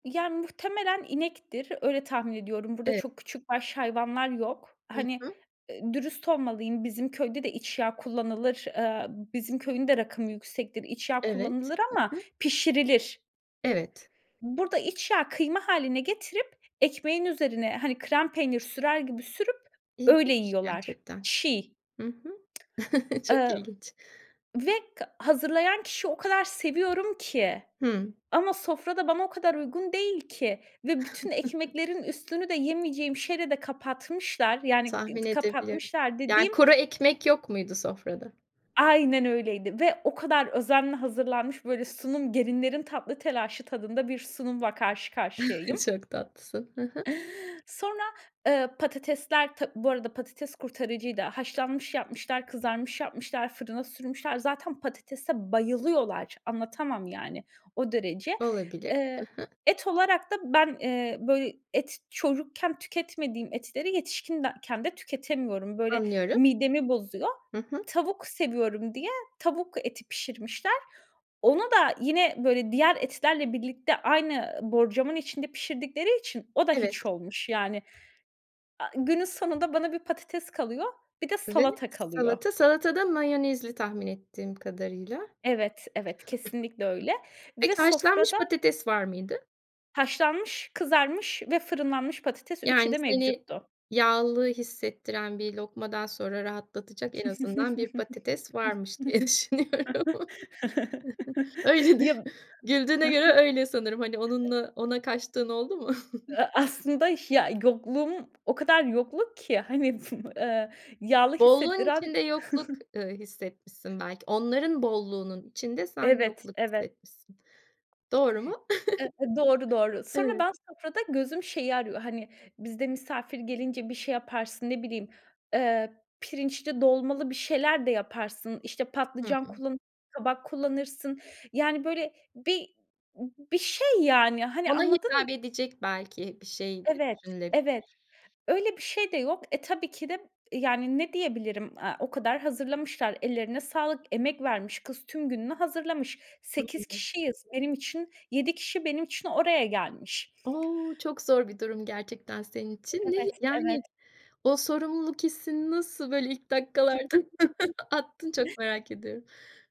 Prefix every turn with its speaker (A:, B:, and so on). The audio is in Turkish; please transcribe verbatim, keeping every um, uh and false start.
A: Yani muhtemelen inektir. Öyle tahmin ediyorum. Burada,
B: Evet.
A: çok küçükbaş hayvanlar yok.
B: Hı
A: Hani,
B: hı.
A: ııı, dürüst olmalıyım. Bizim köyde de, iç yağı kullanılır. Eee, bizim köyün de rakımı yüksektir. İç yağı
B: Evet.
A: kullanılır
B: Hı
A: ama,
B: hı.
A: pişirilir.
B: Evet.
A: Burada, iç yağı kıyma hâline getirip, ekmeğin üzerine, hani, krem peynir sürer gibi sürüp, öyle
B: İlginç
A: yiyorlar.
B: gerçekten.
A: Çiğ.
B: Hı hı. Çok
A: Emm
B: ilginç.
A: ve k hazırlayan kişi o kadar seviyorum ki,
B: Hımm.
A: ama sofra da bana o kadar uygun değil ki, ve bütün ekmeklerin üstünü de, yemeyeceğim şeyle de kapatmışlar, yani ı
B: Tahmin edebiliyorum.
A: kapatmışlar
B: Yani,
A: dediğim
B: kuru ekmek yok muydu, sofrada?
A: Aynen öyleydi ve o kadar özenle hazırlanmış, böyle sunum gelinlerin tatlı telaşı tadında, bir sunumla karşı karşıyayım.
B: Çok tatlısın. Hı hı.
A: Sonra, eee, patatesler tab Bu arada, patates kurtarıcıydı. haşlanmış yapmışlar, kızarmış yapmışlar, fırına sürmüşler. Zaten patatese bayılıyorlar, anlatamam yani, o derece.
B: Olabilir.
A: Eee,
B: Hı hı.
A: et olarak da ben, eee, böyle et çocukken tüketmediğim etleri, yetişkindeken de tüketemiyorum. Böyle,
B: Anlıyorum.
A: midemi bozuyor.
B: Hı hı.
A: Tavuk seviyorum diye, tavuk eti pişirmişler. Ona da yine böyle diğer etlerle birlikte, aynı borcamın içinde pişirdikleri için, o da
B: Evet.
A: hiç olmuş. Yani, a günün sonunda bana bir patates kalıyor, bir de
B: Ve
A: salata kalıyor.
B: salata, salata da mayonezli tahmin ettiğim kadarıyla.
A: Evet, evet, kesinlikle öyle
B: Peki,
A: ve
B: haşlanmış
A: sofrada
B: patates var mıydı?
A: Haşlanmış, kızarmış ve fırınlanmış patates; üçü
B: Yani,
A: de
B: seni
A: mevcuttu.
B: yağlı hissettiren bir lokmadan sonra rahatlatacak en azından bir patates varmış, diye düşünüyorum. Öyledir.
A: Ya.
B: Güldüğüne göre öyle sanırım. Hani, onunla ona kaçtığın oldu mu?
A: A aslında ya yokluğum, o kadar yokluk ki, hani, [unintelligible] eee, yağlı
B: Bolluğun
A: hissettiren
B: içinde yokluk, eee, hissetmişsin belki. Onların bolluğunun içinde, sen
A: Evet,
B: yokluk
A: evet.
B: hissetmişsin. Doğru mu?
A: Eee, doğru doğru. Sonra
B: Evet.
A: ben sofrada, gözüm şeyi arıyor; hani bizde misafir gelince, bir şey yaparsın, ne bileyim, eee, pirinçli dolmalı bir şeyler de yaparsın, işte
B: Hı
A: patlıcan
B: hı.
A: kullanırsın, kabak kullanırsın. Yani böyle bir bir şey yani, hani,
B: Ona
A: anladın mı?
B: hitap edecek belki, bir şey de
A: Evet,
B: düşünülebilir.
A: evet öyle bir şey de yok. Eee, tabii ki de, yani, ne diyebilirim, a, o kadar hazırlamışlar; ellerine sağlık, emek vermiş kız. Tüm gününü hazırlamış, sekiz
B: [unintelligible]
A: kişiyiz. Benim için, yedi kişi benim için oraya gelmiş.
B: O, çok zor bir durum gerçekten, senin için. Ne hi
A: Evet,
B: Yani,
A: evet.
B: o sorumluluk hissini nasıl böyle ilk dakikalardan attın? Çok merak ediyorum.